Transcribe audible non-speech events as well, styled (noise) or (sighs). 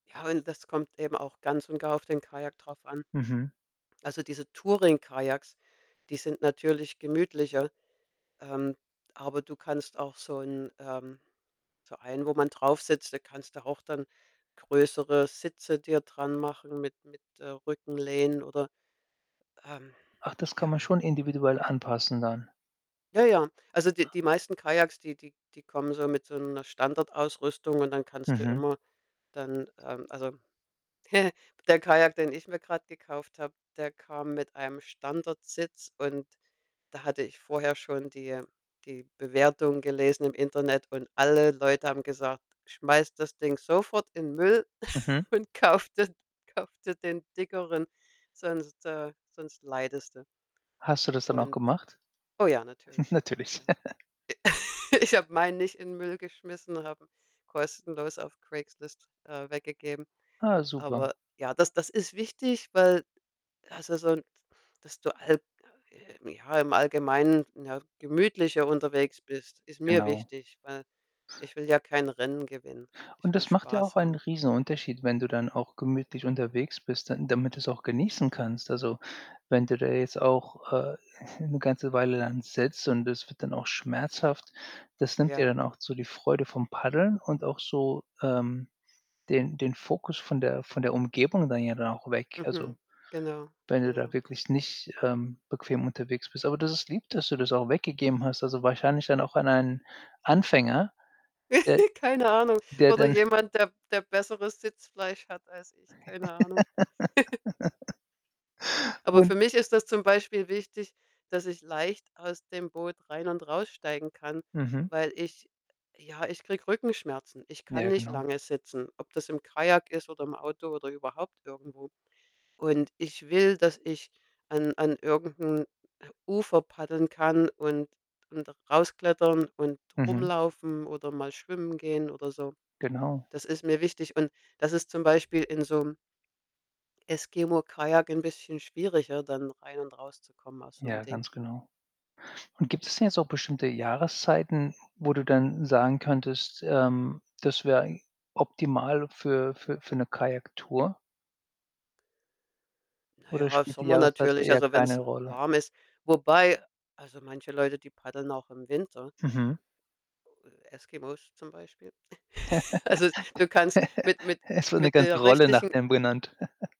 Ja, und das kommt eben auch ganz und gar auf den Kajak drauf an. Mhm. Also, diese Touring-Kajaks, die sind natürlich gemütlicher, ähm, aber du kannst auch so 'n ähm, so einen, wo man drauf sitzt, da kannst du auch dann größere Sitze dir dran machen mit mit, äh, Rückenlehnen oder ähm, Ach, das kann ja. man schon individuell anpassen dann. Ja, ja. Also, die die meisten Kajaks, die die die kommen so mit so 'ner Standardausrüstung und dann kannst du Mhm. immer dann ähm, also, (chuckles) der Kajak, den ich mir grad gekauft habe, der kam mit einem Standardsitz und da hatte ich vorher schon die, äh die Bewertungen gelesen im Internet und alle Leute haben gesagt: „Schmeiß das Ding sofort in Müll Mhm. (snorts) und kauf das kauf dir den dickeren, sonst, äh sonst leidest du.“ Hast du das dann auch Und gemacht? oh ja, (snorts) natürlich, Natürlich. ja. (chuckles) (laughs) Ich habe meinen nicht in Müll geschmissen, habe 'n kostenlos auf Craigslist, äh, weggegeben. Ah, super. Aber ja, das das ist wichtig, weil also, so (sighs) dass du halt, äh, ja im Allgemeinen, ja, gemütlicher unterwegs bist, ist mir Genau. wichtig, weil ich will ja kein Rennen gewinnen. Ich Und will das macht ja auch Spaß einen haben. Riesenunterschied, wenn du dann auch gemütlich unterwegs bist, dann damit du's auch genießen kannst. Also, wenn du da jetzt auch, äh, (snorts) 'ne ganze Weile dann sitzt und es wird dann auch schmerzhaft, das nimmt dir Ja. dann auch so die Freude vom Paddeln und auch so, ähm, den den Fokus von der von der Umgebung dann ja dann auch weg. Also, Mhm, genau, wenn du da genau. wirklich nicht, ähm, bequem unterwegs bist. Aber das ist lieb, dass du das auch weggegeben hast. Also, wahrscheinlich dann auch an einen Anfänger, der (giggles) Keine Ahnung. der Oder dann jemand, der der besseres Sitzfleisch hat als ich, keine Ahnung. (chuckles) (laughs) Aber Und für mich ist das zum Beispiel wichtig, dass ich leicht aus dem Boot rein und raussteigen kann, Mhm. weil ich ja, ich kriege Rückenschmerzen. Ich kann Ja, nicht genau. lange sitzen, ob das im Kajak ist oder im Auto oder überhaupt irgendwo und ich will, dass ich an an irgend 'n Ufer paddeln kann und und rausklettern und Mhm. rumlaufen oder mal schwimmen gehen oder so. Genau. Das ist mir wichtig und das ist zum Beispiel in so 'nem Eskimo-Kajak 'n bisschen schwieriger, dann rein und rauszukommen aus so 'nem Ja, Ding. ganz genau und gibt es denn jetzt auch bestimmte Jahreszeiten, wo du dann sagen könntest, ähm, das wäre eig optimal für für für 'ne Kajaktour? Na Oder ja, spielt die Sommer Jahreszeit natürlich, eher also, keine wenn's Rolle? warm ist. Wobei also, manche Leute, die paddeln auch im Winter. Mhm. Äh, Eskimo zum Beispiel. (snorts) Also, du kannst mit (chuckles) mit Es wird 'ne mit ganze der Rolle nach richtigen denen benannt. (chuckles)